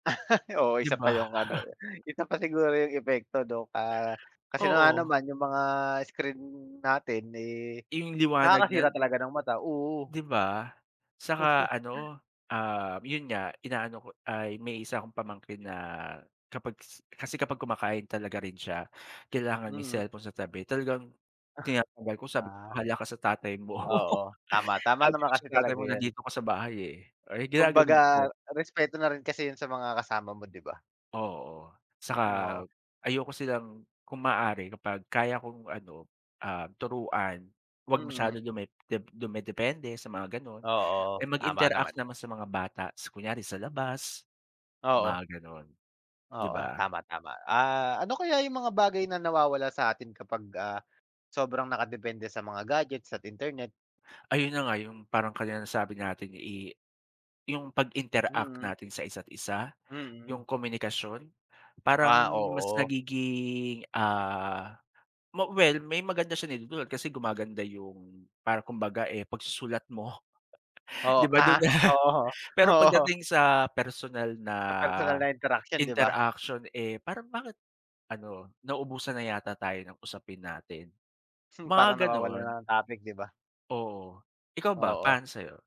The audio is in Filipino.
Oo, Di isa pa ba? yung ano eh, isa pa siguro yung epekto nung, ah, kasi nga Oo. naman yung mga screen natin eh, Yung liwanag nakakasira niyan. talaga ng mata, oo. Di ba? Saka ano, ah, yun nga, inaano ko ay may isa akong pamangkin na kapag kasi kapag kumakain talaga rin siya kailangan may Mm. cellphone sa tabi, talagang tinatanggal ko, sabi ko, Ah. "Bahala ka sa tatay mo." Oo. Tama, tama Sabi ko naman sa kasi tatay talaga mo yun. nandito ka sa bahay eh, ay ginaganon Kumbaga ko. respeto na rin kasi yun sa mga kasama mo, di ba? Oo, tsaka Oo. ayoko silang kung maaari kapag kaya kong ano, ah, turuan 'wag masyado Mm. dume dep dumedepende sa mga ganon. Eh, Oo, tama mag-interact naman. naman sa mga bata, tas kunyari sa labas mga Oo. ganon, di Oo. ba? Tama, tama. Ah, ano kaya yung mga bagay na nawawala sa atin kapag ah, sobrang nakadepende sa mga gadgets at internet? Ayun na nga yung, parang kanina nasabi natin eh, yung pag-interact Mm. natin sa isa't-isa. Mm. Yung komunikasyon parang Ah, mas oo. nagiging ah, ma well, may maganda siyang naidudulot kasi gumaganda yung parang kumbaga eh, pagsusulat mo. Oh, Di ba, ah. dun Oo, pero oo. pagdating sa personal na Sa personal na interaksyon, di ba? interaction eh, parang bakit ano nauubusan na yata tayo ng usapin natin, Parang mga nawawalan na ganon. ng topic, diba? Oo, ikaw ba Oo. para sa'yo?